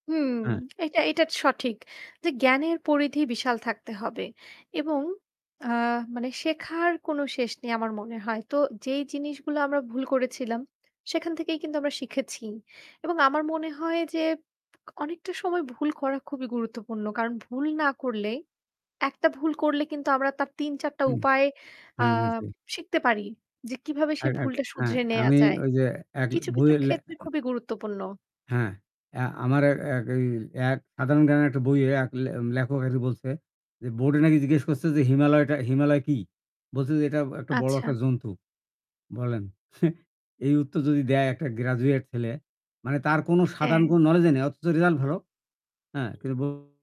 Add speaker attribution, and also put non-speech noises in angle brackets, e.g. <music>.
Speaker 1: হুম,
Speaker 2: অ্যা
Speaker 1: এটা এটা সঠিক যে জ্ঞানের পরিধি বিশাল থাকতে হবে এবং আ মানে শেখার কোন শেষ নেই আমার মনে হয়। তো যেই জিনিসগুলো আমরা ভুল করেছিলাম সেখান থেকেই কিন্তু আমরা শিখেছি এবং আমার মনে হয় যে অনেকটা সময় ভুল করা খুবই গুরুত্বপূর্ণ। কারণ ভুল না করলে, একটা ভুল করলে কিন্তু আমরা তার ৩ ৪ টা
Speaker 2: উম
Speaker 1: উপায় আ
Speaker 2: হ্যাঁ, নিশ্চয়ই।
Speaker 1: শিখতে পারি যে কিভাবে সে
Speaker 2: অ্যা এক
Speaker 1: ভুলটা
Speaker 2: অ্যা
Speaker 1: শুধরে নেয়া
Speaker 2: আমি
Speaker 1: যায়।
Speaker 2: ঐযে এক
Speaker 1: কিছু, কিছু
Speaker 2: বইয়ের লে
Speaker 1: ক্ষেত্রে খুবই গুরুত্বপূর্ণ।
Speaker 2: হ্যাঁ, অ্যা আমার অ্যা এক এই এক সাধারণ জ্ঞানের একটা বইয়ে এক লে লেখক এসে বলছে, যে বোর্ডে নাকি জিজ্ঞেস করছে যে হিমালয়টা, হিমালয় কি? বলছে, যে এটা একটা বড়
Speaker 1: আচ্ছা।
Speaker 2: একটা জন্তু। বলেন! <scoffs> এই উত্তর যদি দেয় একটা graduate ছেলে মানে তার কোনো সাধারণ
Speaker 1: হ্যাঁ।
Speaker 2: কোনো knowledge ই নাই। অথচ result ভালো। হ্যাঁ, কিন্তু ব